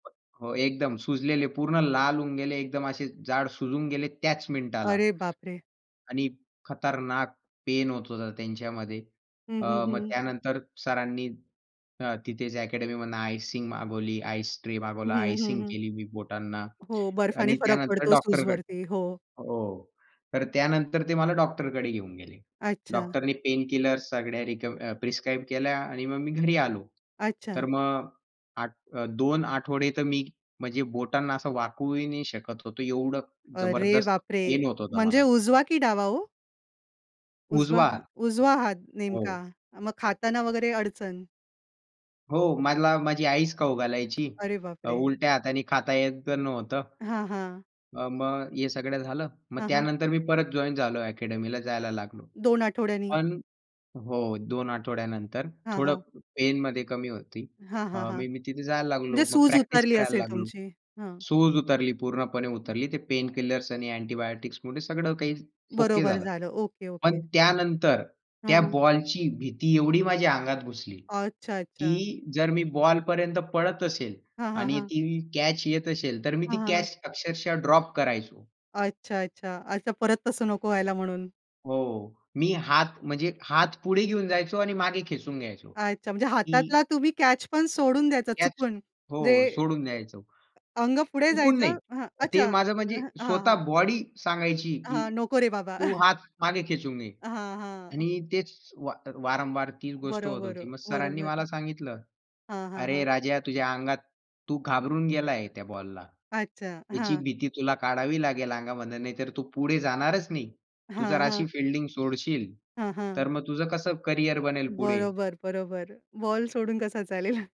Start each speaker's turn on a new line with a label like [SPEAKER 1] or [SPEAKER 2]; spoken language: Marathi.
[SPEAKER 1] हो एकदम सुजलेले, पूर्ण लाल होऊन गेले. एकदम असे जाड सुजून गेले त्याच मिनिटाला
[SPEAKER 2] अरे बापरे!
[SPEAKER 1] आणि खतरनाक पेन होत होता त्यांच्यामध्ये.
[SPEAKER 2] हं,
[SPEAKER 1] अ,
[SPEAKER 2] हं, हं,
[SPEAKER 1] मग
[SPEAKER 2] हं.
[SPEAKER 1] त्यानंतर सरांनी अ, तिथेच अकॅडमी मधनं आयसिंग मागवली, आइस ट्रे
[SPEAKER 2] हं,
[SPEAKER 1] मागवला,
[SPEAKER 2] हं,
[SPEAKER 1] आयसिंग
[SPEAKER 2] हं.
[SPEAKER 1] केली मी बोटांना.
[SPEAKER 2] हो, बर्फाने
[SPEAKER 1] आणि
[SPEAKER 2] फरक
[SPEAKER 1] त्यानंतर
[SPEAKER 2] पडतो
[SPEAKER 1] डॉक्टरकडे
[SPEAKER 2] सूजवरती, हो.
[SPEAKER 1] हो. तर त्यानंतर ते मला डॉक्टरकडे घेऊन गेले.
[SPEAKER 2] अच्छा.
[SPEAKER 1] डॉक्टरनी पेनकिलर सगळ्या रिक्व्ह प्रिस्क्राईब केल्या आणि मग मी घरी आलो.
[SPEAKER 2] अच्छा.
[SPEAKER 1] तर मग आठ अ, 2 आठवडे तर मी म्हणजे बोटांना असं वाकवूही नाही शकत होतो. एवढं
[SPEAKER 2] अरे
[SPEAKER 1] जबरदस्त
[SPEAKER 2] बापरे!
[SPEAKER 1] पेन होत होतं
[SPEAKER 2] म्हणजे
[SPEAKER 1] मला.
[SPEAKER 2] उजवा की डावा हो? उजवा
[SPEAKER 1] उजवा
[SPEAKER 2] हा
[SPEAKER 1] हात.
[SPEAKER 2] उजवा हात नेमका,
[SPEAKER 1] हो.
[SPEAKER 2] मग खाताना वगैरे अडचण?
[SPEAKER 1] हो, मला माझी आईच खाऊ घालायची.
[SPEAKER 2] अरे
[SPEAKER 1] अ,
[SPEAKER 2] बापरे!
[SPEAKER 1] उलट्या हाताने खाता येत तर नव्हतं.
[SPEAKER 2] हां, हां.
[SPEAKER 1] अ, मग हे सगळं झालं. मग
[SPEAKER 2] हं, हं.
[SPEAKER 1] त्यानंतर मी परत जॉइन झालो अकॅडमीला जायला लागलो.
[SPEAKER 2] 2 आठवड्यांनी.
[SPEAKER 1] पण हो, 2 आठवड्यानंतर,
[SPEAKER 2] हां,
[SPEAKER 1] थोडं
[SPEAKER 2] हां.
[SPEAKER 1] पेनमध्ये कमी होती.
[SPEAKER 2] हां, हां,
[SPEAKER 1] अ,
[SPEAKER 2] हां.
[SPEAKER 1] मी तिथे जायला लागलो.
[SPEAKER 2] म्हणजे
[SPEAKER 1] मग
[SPEAKER 2] सूज
[SPEAKER 1] प्रॅक्टिस
[SPEAKER 2] उतरली
[SPEAKER 1] करायला
[SPEAKER 2] असेल
[SPEAKER 1] लागलो.
[SPEAKER 2] तुमची. हं.
[SPEAKER 1] सूज उतरली पूर्णपणे उतरली. ते पेनकिलर्स आणि अँटिबायोटिक्स मध्ये सगळं काही ओके
[SPEAKER 2] बरोबर
[SPEAKER 1] झालं.
[SPEAKER 2] झालं.
[SPEAKER 1] पण
[SPEAKER 2] ओके-ओके.
[SPEAKER 1] त्यानंतर
[SPEAKER 2] हां,
[SPEAKER 1] त्या
[SPEAKER 2] हां.
[SPEAKER 1] बॉलची भीती एवढी माझ्या अंगात घुसली,
[SPEAKER 2] अच्छा, अच्छा.
[SPEAKER 1] की जर मी बॉलपर्यंत पळत असेल
[SPEAKER 2] हां, हां,
[SPEAKER 1] आणि
[SPEAKER 2] हां.
[SPEAKER 1] ती कॅच येत असेल तर मी ती
[SPEAKER 2] हां, हां, हां.
[SPEAKER 1] कॅच अक्षरशः ड्रॉप करायचो.
[SPEAKER 2] अच्छा, अच्छा. अच्छा परत तसं नको व्हायला म्हणून.
[SPEAKER 1] हो. मी हात म्हणजे हात पुढे घेऊन जायचो आणि मागे खेचून घ्यायचो,
[SPEAKER 2] अच्छा, म्हणजे
[SPEAKER 1] की
[SPEAKER 2] हातातला तुम्ही कॅच पण सोडून द्यायचा
[SPEAKER 1] कॅच
[SPEAKER 2] चुकून
[SPEAKER 1] हो
[SPEAKER 2] म्हणजे
[SPEAKER 1] सोडून द्यायचो.
[SPEAKER 2] अंग पुढे
[SPEAKER 1] चुकून नाही.
[SPEAKER 2] जायचं हां.
[SPEAKER 1] ते
[SPEAKER 2] अच्छा.
[SPEAKER 1] माझं म्हणजे
[SPEAKER 2] हां, हां.
[SPEAKER 1] स्वतः बॉडी सांगायची की,
[SPEAKER 2] हां. नको रे बाबा.
[SPEAKER 1] तू हात मागे खेचून घे
[SPEAKER 2] हां, हां.
[SPEAKER 1] आणि तेच वा वारंवार तीच गोष्ट होत
[SPEAKER 2] बरोबर,
[SPEAKER 1] होती. मग सरांनी मला
[SPEAKER 2] बरोबर.
[SPEAKER 1] सांगितलं.
[SPEAKER 2] हां, हां,
[SPEAKER 1] "अरे
[SPEAKER 2] हां.
[SPEAKER 1] राजा, तुझ्या अंगात, तू घाबरून गेलाय त्या बॉलला.
[SPEAKER 2] अच्छा,
[SPEAKER 1] त्याची
[SPEAKER 2] हां.
[SPEAKER 1] भीती तुला काढावी लागेल अंगामधन नाहीतर तू पुढे जाणारच नाही. तू जर
[SPEAKER 2] हां, हां.
[SPEAKER 1] अशी फील्डिंग सोडशील.
[SPEAKER 2] हं, हं.
[SPEAKER 1] तर मग तुझं कसं करिअर बनेल पुढे?"
[SPEAKER 2] बरोबर, बरोबर. बॉल सोडून कसा चालेल.